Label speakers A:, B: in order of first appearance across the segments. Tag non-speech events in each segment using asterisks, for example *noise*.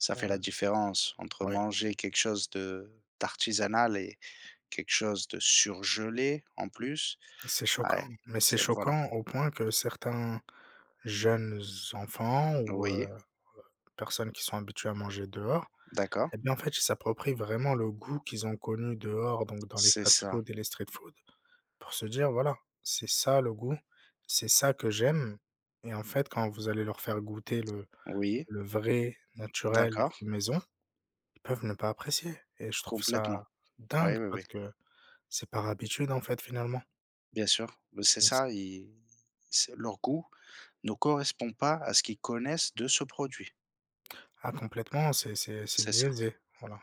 A: Ça fait
B: Heu,
A: la différence, entre
B: oui.
A: manger quelque chose de d'artisanal et quelque chose de surgelé, en plus,
B: C'est
A: ouais,
B: choquant, mais c'est
A: c'est voilà.
B: choquant, au point que certains, jeunes enfants ou heu, heu,
A: Oui.
B: personnes qui sont habituées à manger dehors,
A: D'accord.
B: eh bien en fait ils s'approprient vraiment le goût qu'ils ont connu dehors, donc dans les
A: C'est ça.
B: fast-foods et les street foods, pour se dire: «Voilà, c'est ça le goût. C'est ça que j'aime» et en fait quand vous allez leur faire goûter le
A: Oui.
B: le vrai, naturel,
A: D'accord.
B: maison, ils peuvent ne pas apprécier et je trouve
A: Complètement.
B: ça dingue
A: Ouais, oui, oui.
B: parce que c'est par habitude en fait finalement.
A: Bien sûr, b c'est
B: *unintelligible*
A: ça ils c'est leur goût ne correspond pas à ce qu'ils connaissent de ce produit.
B: Ah complètement c'est c'est c'est
A: C'est ça.
B: biaisé, voilà.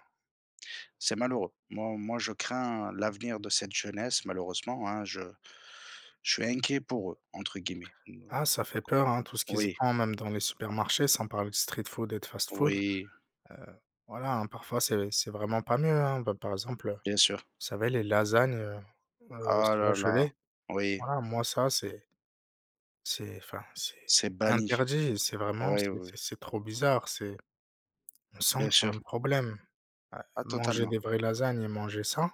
A: C'est malheureux. Moi moi je crains l'avenir de cette jeunesse malheureusement, hein je je suis «inquiet» pour eux, entre guillemets.
B: Ah ça fait peur, hein, tout ce qui se
A: Oui.
B: vend même dans les supermarchés. Sans parler de street food et de fast-food.
A: Oui.
B: Heu, voilà, hein, parfois c'est c'est vraiment pas mieux, hein, bah, par exemple, heu, vous
A: Bien sûr.
B: savez les lasagnes, heu, heu,
A: Ah la la!
B: surgelées,
A: Oui.
B: voilà moi ça, c'est c'est enfin c'est
A: C'est banni.
B: interdit. C'est vraiment
A: Ouais,
B: c'est
A: oui.
B: c'est c'est trop bizarre. C'est on sent
A: Bien
B: qu'il y a un
A: sûr.
B: problème. Heu,
A: Ah
B: manger
A: totalement.
B: des vraies lasagnes et manger ça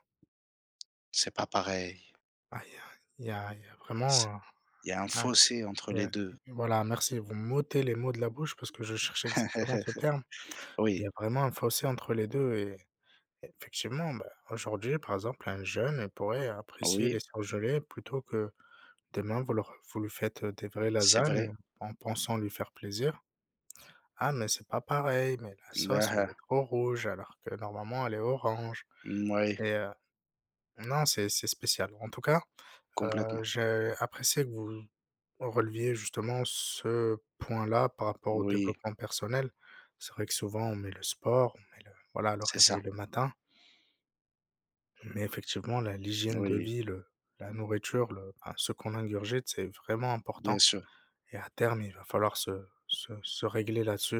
A: C'est pas pareil.
B: bah il y a il y a il y a
A: C
B: vraiment
A: Il y a un
B: un
A: fossé entre
B: ouais,
A: les
B: *unintelligible*
A: 2.
B: et voilà merci vous m'ôtez les mots de la bouche parce que je cherchais exactement ce
A: *chuckles*
B: terme. Il y
A: Oui.
B: a vraiment un fossé entre les 2 et effectivement ben, aujourd'hui par exemple un jeune il pourrait apprécier
A: Oui.
B: les surgelés plutôt que demain vous leur vous lui faites, heu, des vraies
A: C'est
B: lasagnes,
A: vrai.
B: heu, en pensant lui faire plaisir: «Ah mais c'est pas pareil, mais la
A: Bah,
B: sauce elle
A: ah.
B: est trop rouge alors que normalement elle est orange»
A: Mouais.
B: et heu, non c'est c'est spécial. En tout cas, heu,
A: Complètement.
B: j'ai apprécié que vous vous releviez justement ce point-là par rapport au
A: Oui.
B: développement personnel. C'est vrai que souvent on met le sport on met le voilà le
A: C'est
B: réveil
A: ça.
B: le matin mais effectivement la l'hygiène de
A: Oui.
B: vie le la nourriture le enfin ce qu'on ingurgite c'est vraiment important
A: Bien sûr.
B: et à terme il va falloir se se se régler là-dessus.